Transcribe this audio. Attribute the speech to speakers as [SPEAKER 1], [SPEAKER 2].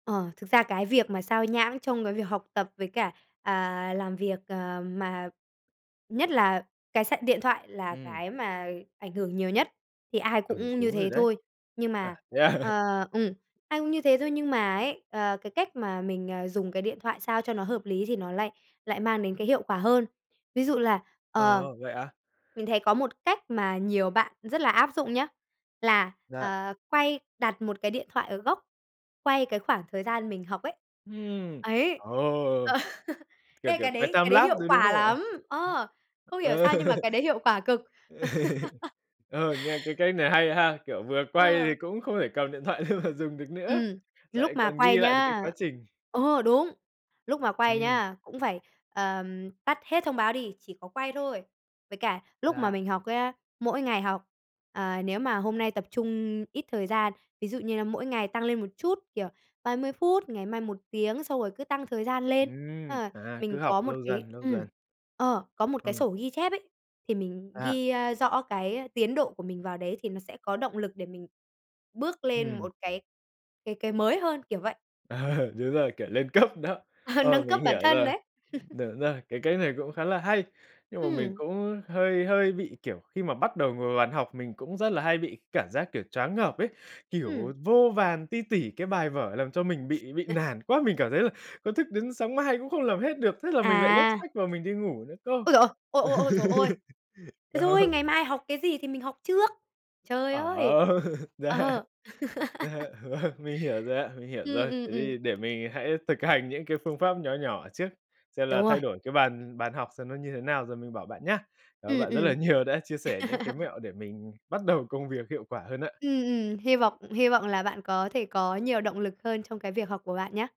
[SPEAKER 1] Ờ, thực ra cái việc mà xao nhãng trong cái việc học tập với cả, à, làm việc, ờ, mà nhất là cái sạc điện thoại là
[SPEAKER 2] Ừm.
[SPEAKER 1] cái mà ảnh hưởng nhiều nhất thì ai
[SPEAKER 2] Ừ,
[SPEAKER 1] cũng như
[SPEAKER 2] đúng rồi
[SPEAKER 1] thế
[SPEAKER 2] đấy.
[SPEAKER 1] thôi. Nhưng
[SPEAKER 2] À,
[SPEAKER 1] mà,
[SPEAKER 2] thế à?
[SPEAKER 1] ờ ừm, ai cũng như thế thôi, nhưng mà ấy, ờ, cái cách mà mình, ờ, dùng cái điện thoại sao cho nó hợp lý thì nó lại lại mang đến cái hiệu quả hơn. Ví dụ là, ờ,
[SPEAKER 2] Ờ, vậy ạ?
[SPEAKER 1] mình thấy có một cách mà nhiều bạn rất là áp dụng nhá, là,
[SPEAKER 2] Dạ.
[SPEAKER 1] ờ, quay đặt một cái điện thoại ở góc, quay cái khoảng thời gian mình học ấy.
[SPEAKER 2] Ừm,
[SPEAKER 1] Ấy,
[SPEAKER 2] ờ,
[SPEAKER 1] ờ.
[SPEAKER 2] kiểu
[SPEAKER 1] Ê,
[SPEAKER 2] kiểu
[SPEAKER 1] cái
[SPEAKER 2] quay
[SPEAKER 1] đấy cái đấy
[SPEAKER 2] timelapse
[SPEAKER 1] hiệu
[SPEAKER 2] đấy, đúng
[SPEAKER 1] quả
[SPEAKER 2] không ạ?
[SPEAKER 1] lắm. Ờ, không hiểu
[SPEAKER 2] Ờ.
[SPEAKER 1] sao nhưng mà cái đấy hiệu quả cực.
[SPEAKER 2] Ờ, nghe cái cách này hay ha. Kiểu vừa quay thì
[SPEAKER 1] Ờ.
[SPEAKER 2] cũng không thể cầm điện thoại lên mà dùng được nữa,
[SPEAKER 1] Ừm,
[SPEAKER 2] lại
[SPEAKER 1] lúc mà
[SPEAKER 2] còn ghi
[SPEAKER 1] quay
[SPEAKER 2] lại được cái
[SPEAKER 1] nhá
[SPEAKER 2] quá trình.
[SPEAKER 1] ờ, đúng, lúc mà quay
[SPEAKER 2] Ừm.
[SPEAKER 1] nhá, cũng phải, ờ, tắt hết thông báo đi, chỉ có quay thôi. Với cả lúc mà
[SPEAKER 2] Dạ.
[SPEAKER 1] mình học nhá, mỗi ngày học, ờ, nếu mà hôm nay tập trung ít thời gian. Ví dụ như là mỗi ngày tăng lên một chút, kiểu 30 phút, ngày mai 1 tiếng, xong rồi cứ tăng thời gian lên.
[SPEAKER 2] Ừm,
[SPEAKER 1] Ờ,
[SPEAKER 2] à, cứ
[SPEAKER 1] mình
[SPEAKER 2] học
[SPEAKER 1] có một
[SPEAKER 2] lâu
[SPEAKER 1] cái
[SPEAKER 2] dần, lâu
[SPEAKER 1] ừm,
[SPEAKER 2] dần.
[SPEAKER 1] ờ, có một
[SPEAKER 2] Ờ.
[SPEAKER 1] cái sổ ghi chép ấy, thì mình
[SPEAKER 2] Dạ.
[SPEAKER 1] ghi, ơ, rõ cái tiến độ của mình vào đấy thì nó sẽ có động lực để mình bước lên
[SPEAKER 2] Ừm.
[SPEAKER 1] một cái cái cái mới hơn, kiểu vậy.
[SPEAKER 2] Đúng rồi, kiểu lên cấp đó. Ờ,
[SPEAKER 1] Nâng cấp
[SPEAKER 2] mình
[SPEAKER 1] bản
[SPEAKER 2] hiểu
[SPEAKER 1] thân
[SPEAKER 2] rồi.
[SPEAKER 1] đấy.
[SPEAKER 2] Đúng rồi, cái cách này cũng khá là hay. Nhưng mà mình
[SPEAKER 1] Ừm.
[SPEAKER 2] cũng hơi hơi bị kiểu, khi mà bắt đầu ngồi vào bàn học mình cũng rất là hay bị cảm giác, kiểu, choáng ngợp ấy, kiểu
[SPEAKER 1] Ừm.
[SPEAKER 2] vô vàn ti tỉ cái bài vở làm cho mình bị bị nản quá. Mình cảm thấy là có thức đến sáng mai cũng không làm hết được, thế là mình lại gấp
[SPEAKER 1] À.
[SPEAKER 2] sách vào mình đi ngủ nữa cơ.
[SPEAKER 1] Ôi giời ơi! Ôi, ôi, ôi trời ơi! Thế thôi,
[SPEAKER 2] Đó.
[SPEAKER 1] ngày mai học cái gì thì mình học trước. Trời
[SPEAKER 2] Ờ,
[SPEAKER 1] ơi!
[SPEAKER 2] dạ.
[SPEAKER 1] Ờ.
[SPEAKER 2] Dạ vâng, mình hiểu rồi ạ, mình hiểu
[SPEAKER 1] Ừm,
[SPEAKER 2] rồi.
[SPEAKER 1] ừm,
[SPEAKER 2] Thế
[SPEAKER 1] ừm.
[SPEAKER 2] thì để mình hãy thực hành những cái phương pháp nhỏ nhỏ trước, xem là
[SPEAKER 1] Đúng rồi.
[SPEAKER 2] thay đổi cái bàn bàn học xem nó như thế nào rồi mình bảo bạn nhá. Cảm ơn
[SPEAKER 1] Ừm,
[SPEAKER 2] bạn rất là
[SPEAKER 1] ừm.
[SPEAKER 2] nhiều đã chia sẻ những cái mẹo để mình bắt đầu công việc hiệu quả hơn ạ.
[SPEAKER 1] Ừm, ừm. Hy vọng hy vọng là bạn có thể có nhiều động lực hơn trong cái việc học của bạn nhá!